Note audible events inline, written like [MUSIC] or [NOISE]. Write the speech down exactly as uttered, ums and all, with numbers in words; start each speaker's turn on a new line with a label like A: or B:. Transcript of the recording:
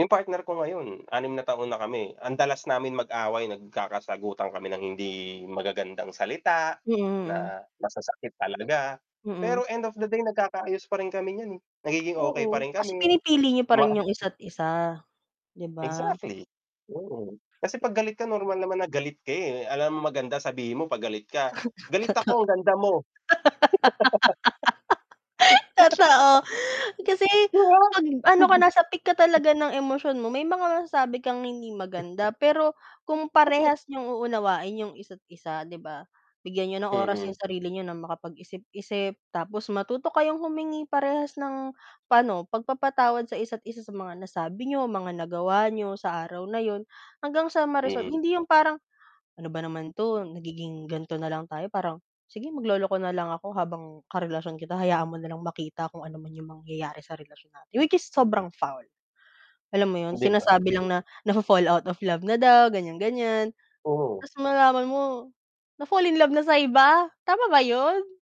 A: Yung partner ko ngayon, anim na taon na kami, ang dalas namin mag-away nagkakasagutan kami ng hindi magagandang salita,
B: Mm, mm.
A: na masasakit talaga
B: Mm.
A: pero end of the day, nagkakaayos pa rin kami n'yan eh, nagiging okay pa
B: Oo,
A: rin
B: kasi
A: kami,
B: pinipili niyo
A: 'di
B: pa
A: ba.
B: rin yung isa't-isa, 'di ba?
A: Exactly. Oo, kasi 'pag galit ka normal naman na galit ka eh, alangan maganda sabihin mo 'pag galit ka,
B: [CHUCKLES]
A: "Galit
B: Totoo.
A: ako, ang ganda mo!"
B: [LAUGHS] Totoo,
A: [LAUGHS]
B: kasi
A: 'Di ba?!
B: 'pag ano ka nasa peak ka talaga ng emosyon mo, may mga masasabi kang hindi maganda pero kung
A: [CHUCKLES]
B: parehas n'yong uunawain yung isa't-isa, 'di ba. Bigyan niyo ng oras
A: Mm.
B: yung sarili niyo na makapag-isip-isip tapos matuto kayong humingi parehas ng, pa'no, pagpapatawad sa isa't-isa sa mga nasabi n'yo, mga nagawa n'yo, sa araw na 'yun hanggang sa ma-resolve
A: Mm.
B: hindi 'yong parang, "Ano ba naman 'to nagiging ganito na lang tayo", parang "Sige, magloloko na lang ako habang karelasyon kita, hayaan mo na lang makita kung ano man yung mangyayari sa relasyon natin." Which is sobrang foul, alam mo 'yon?
A: 'Di ba.
B: Sinasabi lang na nafo-fall out of love na daw, ganyan, ganyan
A: Oo.
B: tapos malaman mo na-fall in love na sa iba, tama ba 'yon?